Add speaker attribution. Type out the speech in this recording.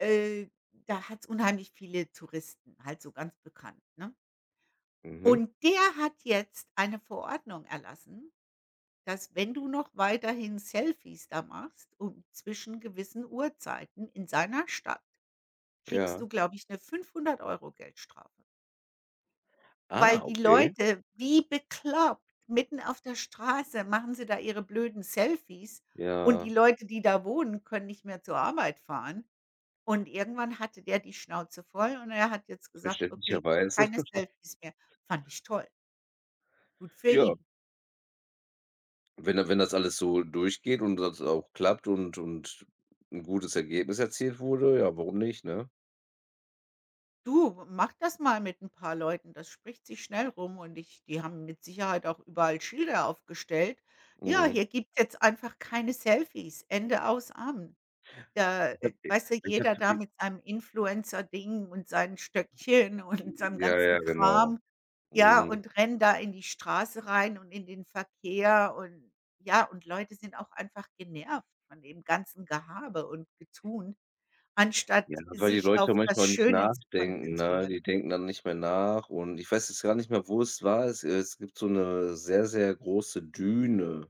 Speaker 1: Äh, da hat's unheimlich viele Touristen halt so ganz bekannt, ne?
Speaker 2: Mhm.
Speaker 1: Und der hat jetzt eine Verordnung erlassen, dass wenn du noch weiterhin Selfies da machst und zwischen gewissen Uhrzeiten in seiner Stadt kriegst
Speaker 2: Ja.
Speaker 1: du, glaube ich, 'ne 500 € Geldstrafe. Weil
Speaker 2: Ah,
Speaker 1: die
Speaker 2: okay.
Speaker 1: Leute, wie bekloppt mitten auf der Straße machen sie da ihre blöden Selfies und die
Speaker 2: Ja.
Speaker 1: Leute, die da wohnen, können nicht mehr zur Arbeit fahren. Und irgendwann hatte der die Schnauze voll und er hat jetzt gesagt: „Okay,
Speaker 2: Verständlicherweise.
Speaker 1: keine Selfies mehr.“ Fand ich toll. Gut für
Speaker 2: Ja.
Speaker 1: ihn.
Speaker 2: Wenn da wenn das alles so durchgeht und das auch klappt und und 'n gutes Ergebnis erzielt wurde, ja, warum nicht, ne?
Speaker 1: Du, mach das mal mit 'n paar Leuten. Das spricht sich schnell rum und ich die haben mit Sicherheit auch überall Schilder aufgestellt. „Ja,
Speaker 2: Mhm.
Speaker 1: hier gibt's jetzt einfach keine Selfies, Ende, aus, an.“ Da
Speaker 2: Ist
Speaker 1: äh,
Speaker 2: okay.
Speaker 1: weißt du,
Speaker 2: Also ich habe
Speaker 1: jeder da
Speaker 2: wirklich
Speaker 1: mit seinem Influencer-Ding und seinen Stöckchen und seinem
Speaker 2: Ja, ja,
Speaker 1: ganzen
Speaker 2: genau.
Speaker 1: Kram, ja,
Speaker 2: Mhm.
Speaker 1: und rennt da in die Straße rein und in den Verkehr und ja, und Leute sind auch einfach genervt von dem ganzen Gehabe und Getuhe anstatt
Speaker 2: Ja, weil die
Speaker 1: sich
Speaker 2: Leute
Speaker 1: auf das
Speaker 2: manchmal nicht
Speaker 1: Schöne zu
Speaker 2: nachdenken, ne?
Speaker 1: konzentrieren.
Speaker 2: Die denken dann nicht mehr nach und ich weiß jetzt gar nicht mehr, wo es war. Es es gibt so 'ne sehr, sehr große Düne.